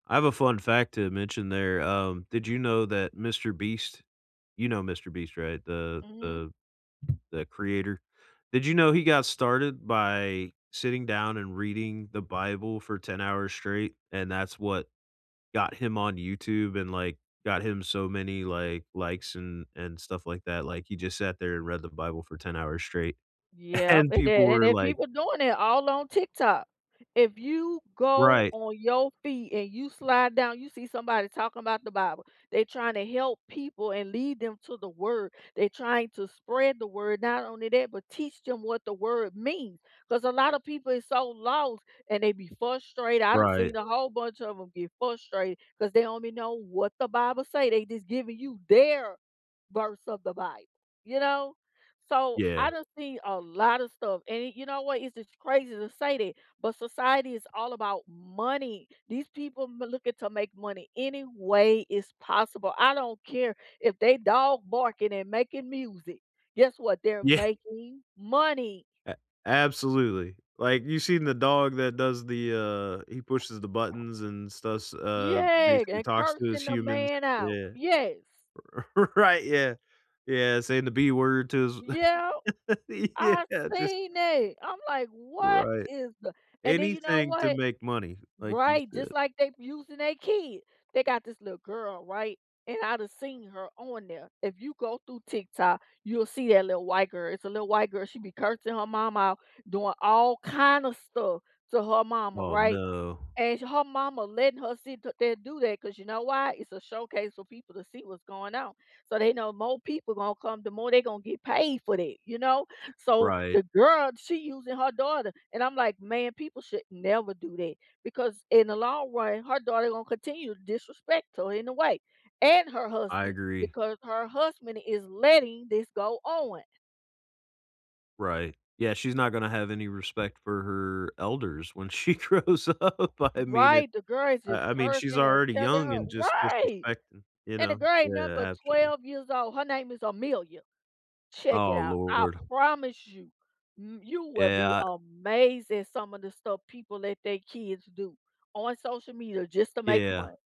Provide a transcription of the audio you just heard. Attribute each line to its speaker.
Speaker 1: I have a fun fact to mention there, um, did you know that MrBeast you know MrBeast, right, the
Speaker 2: Mhm.
Speaker 1: the the creator? Did you know he got started by sitting down and reading the Bible for 10 hours straight, and that's what got him on YouTube and, like, got him so many, like, likes and and stuff like that like he just sat there and read the Bible for ten hours straight
Speaker 2: Yep,
Speaker 1: and
Speaker 2: and
Speaker 1: people
Speaker 2: then and
Speaker 1: were
Speaker 2: then
Speaker 1: like
Speaker 2: people doing it all on TikTok. If you go
Speaker 1: Right.
Speaker 2: on your feed and you slide down, you see somebody talking about the Bible. They trying to help people and lead them to the word. They trying to spread the word, not only that, but teach them what the word means, 'cause a lot of people is so lost, and they be frustrated I done
Speaker 1: Right.
Speaker 2: seen the whole bunch of 'em get frustrated 'cause they don't be know what the Bible say, they just giving you their verse of the Bible, you know? So, I
Speaker 1: Yeah.
Speaker 2: done seen a lotta stuff, and you know what? It's just crazy to say that, but society is all about money. These people m looking to make money any way is possible I don't care if they dog barking and making music, guess what, they're
Speaker 1: Yeah.
Speaker 2: making money.
Speaker 1: A absolutely. Like, you've seen the dog that does the, uh, he pushes the buttons and stuffs, uh,
Speaker 2: Yeah
Speaker 1: basically
Speaker 2: and
Speaker 1: talks to his
Speaker 2: cursing the
Speaker 1: humans,
Speaker 2: man out,
Speaker 1: yeah.
Speaker 2: yes.
Speaker 1: R right, yeah. Yeah, saying the b word to
Speaker 2: Yep.
Speaker 1: his
Speaker 2: I've
Speaker 1: Yeah, just
Speaker 2: seen it, I'm like, "What
Speaker 1: Right.
Speaker 2: is the" and then you know
Speaker 1: Anything to
Speaker 2: what?
Speaker 1: make money, like you
Speaker 2: Right, just
Speaker 1: said.
Speaker 2: like they using they kid. They got this little girl, right? And I done seen her on there. If you go through TikTok, you'll see that lil white girl, it's a lil white girl, she be cursing her mom out doing all kinda stuff to her mama,
Speaker 1: Oh,
Speaker 2: right?
Speaker 1: no.
Speaker 2: And sh her mama letting her sit there and do that 'cause you know why it's a showcase for people to see what's going on. So they know more people gonna come, the more they gonna get paid for that, you know? So
Speaker 1: Right.
Speaker 2: the girl, she using her daughter, and I'm like, "Man, people should never do that," because in the long run, her daughter gonna continue to disrespect her in a way and her
Speaker 1: I
Speaker 2: husband,
Speaker 1: agree.
Speaker 2: because her husband is letting this go on.
Speaker 1: Right. Yeah, she's not gonna have any respect for her elders when she grows up. I mean, it
Speaker 2: Right, the girl is just
Speaker 1: I I mean,
Speaker 2: cursing
Speaker 1: she's
Speaker 2: and
Speaker 1: already
Speaker 2: telling
Speaker 1: young
Speaker 2: her
Speaker 1: and just
Speaker 2: Right!
Speaker 1: disrespecting you
Speaker 2: And the
Speaker 1: know
Speaker 2: girl ain't
Speaker 1: yeah,
Speaker 2: nothing but
Speaker 1: absolutely.
Speaker 2: 12 years old, her name is Amelia. Check it
Speaker 1: Oh,
Speaker 2: out, I
Speaker 1: lord.
Speaker 2: promise you m you will
Speaker 1: Yeah,
Speaker 2: be
Speaker 1: uh
Speaker 2: amazed at some of the stuff people let they kids do on social media just to make
Speaker 1: Yeah.
Speaker 2: money.